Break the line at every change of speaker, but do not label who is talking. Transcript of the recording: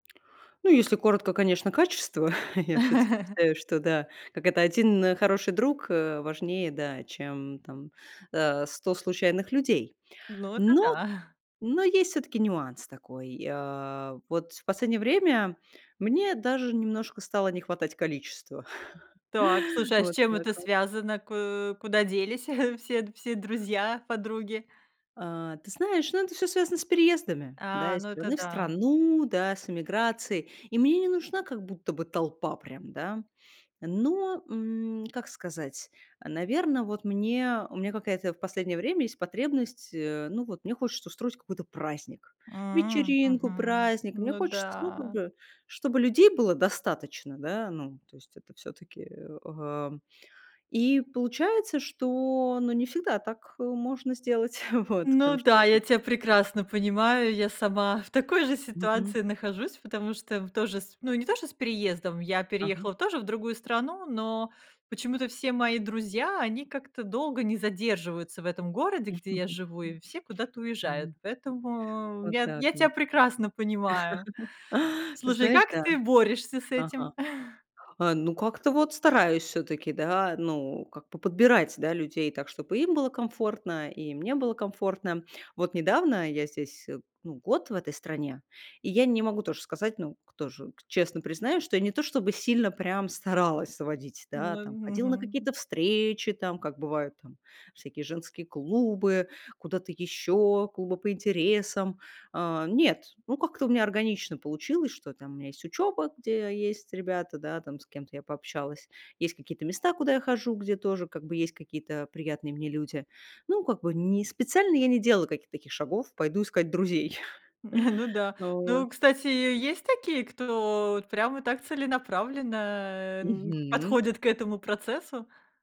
Ну, если коротко, конечно, качество. Я всё-таки считаю, что да, как это: 1, э, хороший друг, э, важнее, да, чем там, э, 100 случайных людей.
Ну это
Но
да.
но есть всё-таки нюанс такой, э. Вот в последнее время мне даже немножко стало не хватать количества.
Так, слушай, а с
Вот
чем
так
это
вот.
связано? Ку куда делись все д все друзья, подруги?
А, ты знаешь, ну, это всё связано с переездами, да,
А,
из
ну, это
страны в
да.
страну, да, с эмиграцией. И мне не нужна как будто бы толпа прям, да. Но, м, как сказать, э, наверно, вот мне, у меня какая-то в последнее время есть потребность, э, ну вот, мне хочется устроить какой-то праздник,
М.
вечеринку,
Мгм.
праздник. Мне
Ну
хочется, ну, как
да.
бы чтобы людей было достаточно. Да, ну, то есть это всё-таки, э, ам, и, получается, что, ну, не всегда так, э, можно сделать. Вот.
Ну
Потому что
да, я
этот
тя прекрасно понимаю, я сама в такой же
Мгм.
ситуации нахожусь, потому что п тоже с Ну, не то, что с переездом, я
Ага.
переехала тоже в другую страну, но почему-то все мои друзья, они как-то долго не задерживаются в этом городе, где я живу, и все куда-то
Да.
уезжают, поэтому
Вот
я
так
я тя
вот.
прекрасно понимаю.
Ты
Слушай,
знаешь,
как
да.
ты борешься с
Ага.
этим?
А, ну, как-то вот стараюсь всё-таки, да, ну, как бы подбирать да людей так, чтоб и им было комфортно, и мне было комфортно. Вот недавно- я здесь, э, ну, год в этой стране, и я не могу тоже сказать, ну, кто же к честно признаюсь, что я не то чтобы сильно прям старалась заводить,
Ну
да, там,
мь
ходила на
Мгм.
какие-то встречи там, как бывают там всякие женские клубы, куда-то еще, клубы по интересам. Э, нет, ну, как-то у меня органично получилось, что там у меня есть учеба, где есть ребята, да, там, с кем-то я пообщалась, есть какие-то места, куда я хожу, где тоже как бы есть какие-то приятные мне люди. Ну, как бы не специально я не делала каких-то таких шагов: пойду искать друзей.
Ну да.
Э, вот.
Ну, кстати, есть такие, кто вот прямо так целенаправленно, эм,
Мгм.
подходит к этому процессу?